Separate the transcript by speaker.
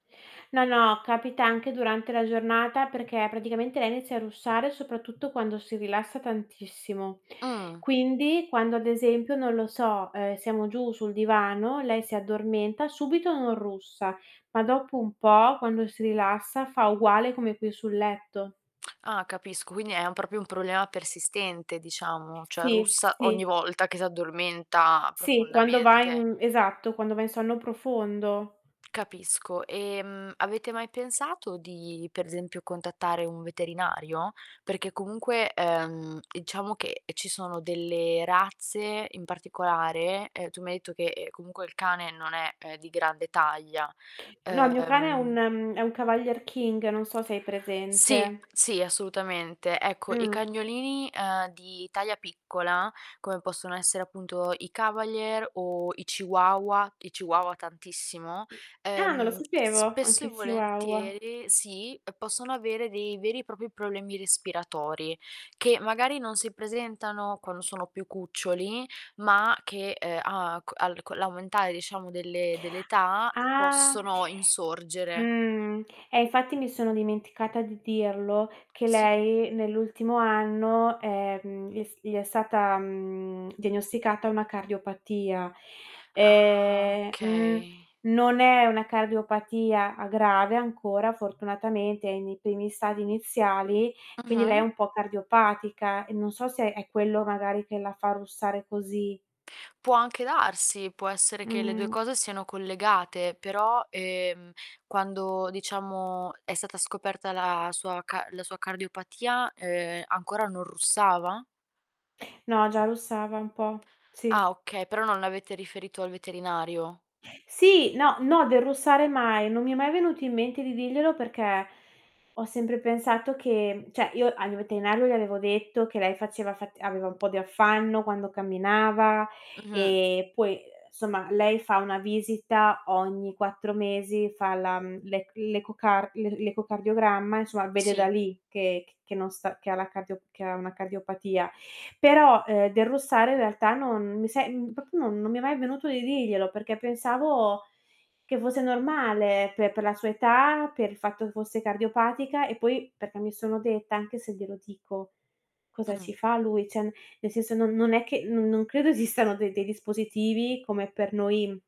Speaker 1: No, no, capita anche durante la giornata, perché praticamente lei inizia a russare soprattutto quando si rilassa tantissimo.
Speaker 2: Mh!
Speaker 1: Quindi, quando ad esempio, non lo so, ehm, siamo giù sul divano lei si addormenta, subito non russa, ma dopo un po' quando si rilassa fa uguale come qui sul letto.
Speaker 2: Ah, capisco. Quindi, è u proprio un problema persistente, diciamo, cioè
Speaker 1: Sì,
Speaker 2: russa
Speaker 1: sì.
Speaker 2: ogni volta che s'addormenta
Speaker 1: Sì, quando va
Speaker 2: profondamente.
Speaker 1: in esatto, quando va in sonno profondo.
Speaker 2: Capisco. Ehm, avete mai pensato di, per esempio, contattare un veterinario? Perché comunque, ehm, diciamo che, ehm, ci sono delle razze in particolare ehm, tu mi hai etto che, ehm, comunque il cane non è, ehm, di grande taglia,
Speaker 1: No, il mio cane è un
Speaker 2: uhm
Speaker 1: ehm, è un cavalier king, non so se hai
Speaker 2: Sì,
Speaker 1: presente.
Speaker 2: sì, assolutamente. Ecco, i
Speaker 1: Mh.
Speaker 2: cagnolini, ehm, di taglia piccola, come possono essere appunto i cavalier o i chihuahua- i chihuahua tantissimo-
Speaker 1: Ah, non lo
Speaker 2: ehm,
Speaker 1: sapevo!
Speaker 2: spesso e
Speaker 1: Anche i chihuahua.
Speaker 2: volentieri sì, uhm, possono avere dei veri e propri problemi respiratori, che magari non si presentano quando sono più cuccioli, ma che, ehm, a c al co' l'aumentare, diciamo, delle dell'età, uhm,
Speaker 1: Ah!
Speaker 2: possono insorgere.
Speaker 1: Mh, eh infatti mi sono dimenticata di dirlo, che
Speaker 2: Sì.
Speaker 1: lei nell'ultimo anno, ehm, gli è s gli è stata, mhmm, diagnosticata una cardiopatia.
Speaker 2: Ah,
Speaker 1: Ehm mh,
Speaker 2: okay.
Speaker 1: non è una cardiopatia a grave ancora, fortunatamente è nei primi stadi iniziali, quindi lei è
Speaker 2: Mh-mh.
Speaker 1: un po' cardiopatica e non so se è quello, magari, che la fa russare così.
Speaker 2: Può anche darsi, può essere che le 2
Speaker 1: Mh.
Speaker 2: cose siano collegate. Però, ehm, quando, diciamo, è stata scoperta la sua ca la sua cardiopatia, ehm, ancora non russava?
Speaker 1: No, già russava un po'.
Speaker 2: Ah,
Speaker 1: Sì.
Speaker 2: okay, però non l'avete riferito al veterinario.
Speaker 1: Sì no, no del russare mai. Non mi è mai venuto in mente di dirglielo, perché ho sempre pensato che mhmm, cioè, io al mio veterinario gli avevo detto che lei faceva fat aveva un po' di affanno quando camminava,
Speaker 2: Mh-mh.
Speaker 1: ehm, puoi somma lei fa 1 visita ogni 4 mesi, fa la mhmm, l'ec l'ecocar l l'ecocardiogramma, insomma, vede da
Speaker 2: Sì.
Speaker 1: lì che c che non sta che ha la cardio che ha una cardiopatia. Però, ehm, del russare in realtà non mi se mhmm, proprio non non mi è mai venuto di dirglielo, perché pensavo che fosse normale pe per la sua età, per il fatto fosse cardiopatica, e poi perché mi sono detta: "Anche se glielo dico, cosa ci
Speaker 2: Mh.
Speaker 1: fa lui?" Cioè, n ne senso: non non è che no non credo esistano de dei dispositivi come per noi, mhmm